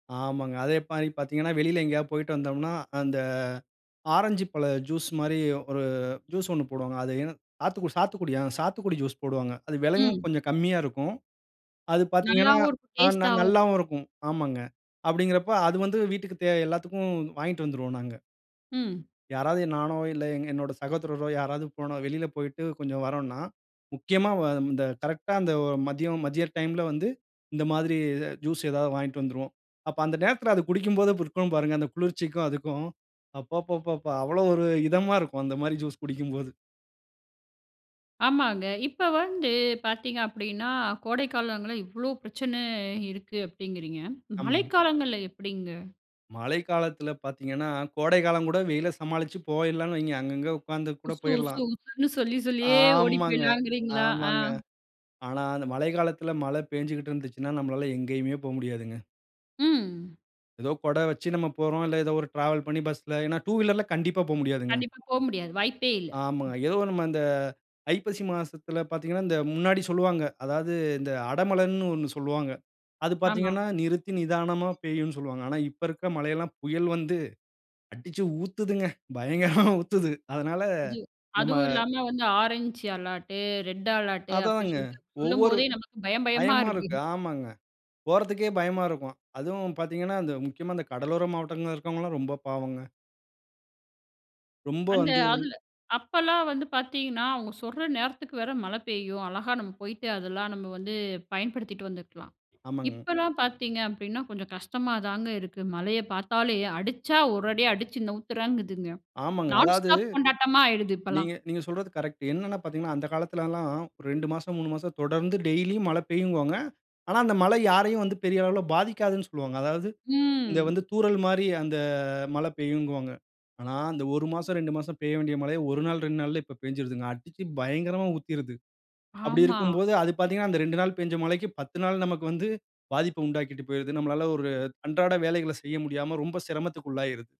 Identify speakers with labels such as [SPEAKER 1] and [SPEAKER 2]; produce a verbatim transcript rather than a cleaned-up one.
[SPEAKER 1] ஆமாங்க அதே மாரி பார்த்தீங்கன்னா, வெளில எங்கேயாவது போயிட்டு வந்தோம்னா, அந்த ஆரஞ்சு பழம் ஜூஸ் மாரி, ஒரு ஜூஸ் ஒண்ணு போடுவாங்க. அது என் சாத்துக்குடி சாத்துக்குடியா, ஆ சாத்துக்குடி ஜூஸ் போடுவாங்க. அது விலையும்
[SPEAKER 2] ம்.
[SPEAKER 1] கொஞ்சம் கம்மியா இருக்கும். அது பார்த்தீங்கன்னா,
[SPEAKER 2] நல்லாவும் இருக்கும்.
[SPEAKER 1] ந
[SPEAKER 2] டேஸ்ட்டாவும்
[SPEAKER 1] நல்லாவும் இருக்கும். ஆமாங்க, அப்டிங்கிறப்ப அது வந்து வீட்டுக்கு தேவ எல்லாத்துக்கும் வாங்கிட்டு வந்துருவோம் நாங்க.
[SPEAKER 2] ம்.
[SPEAKER 1] யாராவது நானோ இல்ல எங் என்னோட சகோதரரோ யாராவது வெளில போயிட்டு கொஞ்சம் வறோன்னா, முக்கியமா வ இந்த கரெக்ட்டா அந்த மதியம் மதிய டைம்ல வந்து இந்த மாதிரி ஜூஸ் ஏதாவது வாங்கிட்டு வந்துருவோம். அப்ப அந்த நேரத்தில அத குடிக்கும்போது இருக்கும் பாருங்க, அந்த குளிர்ச்சிக்கும் அதுக்கும் அப்பப்பப்பா அவ்வளோ ஒரு இதமா இருக்கும் அந்த மாரி ஜூஸ் குடிக்கும்போது.
[SPEAKER 2] ஆமாங்க. இப்ப வந்து பார்த்தீங்க அப்டின்னா, கோடைக்காலங்கள்ல இவ்வளோ பிரச்சன இருக்கு அப்டிங்கிறீங்க.
[SPEAKER 1] ஆமாங்க.
[SPEAKER 2] மழைக்காலங்கள்ல எப்டிங்க?
[SPEAKER 1] மழை காலத்துல பார்த்தீங்கன்னா, கோடை காலம் கூட வெயில சமாளிச்சு போயிரலாணு வைங்க. அங்க அங்க உட்கார்ந்து கூட
[SPEAKER 2] உசு உசு
[SPEAKER 1] போயிர்லாம்.
[SPEAKER 2] உசுன்னு சொல்லி சொல்லியே ஓடி
[SPEAKER 1] ஆமாங்க
[SPEAKER 2] போயிலாங்கிறீங்களா? ஆ
[SPEAKER 1] ஆமாங்க. ஆனா அந்த மழை காலத்தில மழ பெஞ்சுகுட்டு இருந்துச்சுன்னா நம்மளால எங்கேயுமே போ முடியாதுங்க.
[SPEAKER 2] ம்.
[SPEAKER 1] ஏதோ கொட வச்சு நம்ம போறோம். இல்ல ஏதோ ஒரு டிராவல் பண்ணி பஸ்ல ஏன்னா டூ வீலர்ல கண்டிப்பா போ முடியாதுங்க.
[SPEAKER 2] கண்டிப்பா. போ முடியாது வாய்ப்பே இல்ல.
[SPEAKER 1] ஆமாங்க. ஏதோ நம்ம இந்த ஐப்பசி மாசத்தில பார்த்தீங்கன்னா, இந்த முன்னாடி சொல்வாங்க. அதாவது இந்த அடமழன்னு ஒண்ணு சொல்வாங்க. அது
[SPEAKER 2] ஆமா.
[SPEAKER 1] பார்த்தீங்கன்னா, நிறுத்தி நிதானமா பெய்யும் சொல்வாங்க. ஆனா இப்ப இருக்க மழை எல்லாம் புயல் வந்து அடிச்சு ஊத்துதுங்க. பயங்கரமா ஊத்துது. அதனால
[SPEAKER 2] அது,
[SPEAKER 1] நம்ம
[SPEAKER 2] அதுவும் இல்லாம வந்து ஆரஞ்ச் அலாட்டு, ரெட் அலாட்டு அப்டின்னு
[SPEAKER 1] அதாங்க
[SPEAKER 2] சொல்ட்டு
[SPEAKER 1] ஒவ்வொரு
[SPEAKER 2] சொல்லும்போதே நமக்கு பயம் பயமா
[SPEAKER 1] பயமா
[SPEAKER 2] இருக்கு.
[SPEAKER 1] இருக்கு. ஆமாங்க. போறதுக்கே பயமா இருக்கும். அதுவும் பார்த்தீங்கன்னா அந்த முக்கியமா இந்த கடலோர மாவட்டங்களா இருக்கவங்கலாம் ரொம்ப பாவங்க. ரொம்ப
[SPEAKER 2] அந்த
[SPEAKER 1] வந்து
[SPEAKER 2] அதுல அப்பலாம் வந்து பார்த்தீங்கன்னா, அவங்க சொல்ற நேரத்துக்கு வேற மழை பெய்யும். அழகா நம்ம போயிட்டு அதெல்லாம் நம்ம வந்து பயன்படுத்திட்டு வந்துக்கலாம்.
[SPEAKER 1] ஆமாங்க.
[SPEAKER 2] இப்பலாம் பார்த்தீங்க அப்டின்னா, கொஞ்சம் கஷ்டமா தாங்க இருக்கு. மழைய பார்த்தாலே அடிச்சா ஒரு அடி அடிச்சு நவுத்துறேங்குதுங்க
[SPEAKER 1] ஆமாங்க.
[SPEAKER 2] நான்
[SPEAKER 1] அதாவது
[SPEAKER 2] ஸ்டாப் கொண்டாட்டமா ஆயிடுது இப்பலாம்.
[SPEAKER 1] நீங்க நீங்க சொல்றது கரெக்ட் என்னன்னா பார்த்தீங்கன்னா, அந்த காலத்துல எல்லாம் ரெண்டு மாசம், மூணு மாசம் தொடர்ந்து டெய்லியும் மழ பெய்யும்பாங்க. ஆனா அந்த மழை யாரையும் வந்து பெரிய அளவுல பாதிக்காதுன்னு சொல்வாங்க. அதாவது இந்த வந்து
[SPEAKER 2] ம்.
[SPEAKER 1] தூறல் மாரி அந்த மழ பெய்யுன்பாங்க ஆனா அந்த ஒரு மாசம், ரெண்டு மாசம் பெய்ய வேண்டிய மழையே ஒரு நாள், ரெண்டு நாள்ல இப்ப பெஞ்சுடுதுங்க. அடிச்சு பயங்கரமா ஊத்திருது. அப்டி
[SPEAKER 2] ஆமா.
[SPEAKER 1] இருக்கும்போது அது பார்த்தீங்கன்னா, அந்த ரெண்டு நாள் பெஞ்ச மழைக்கு, பத்து நாள் நமக்கு வந்து பாதிப்ப உண்டாக்கிட்டு போயிருது. நம்மளால ஒரு அன்றாட வேலைகளை செய்ய முடியாம ரொம்ப சிரமத்துக்கு உள்ளாயிருது.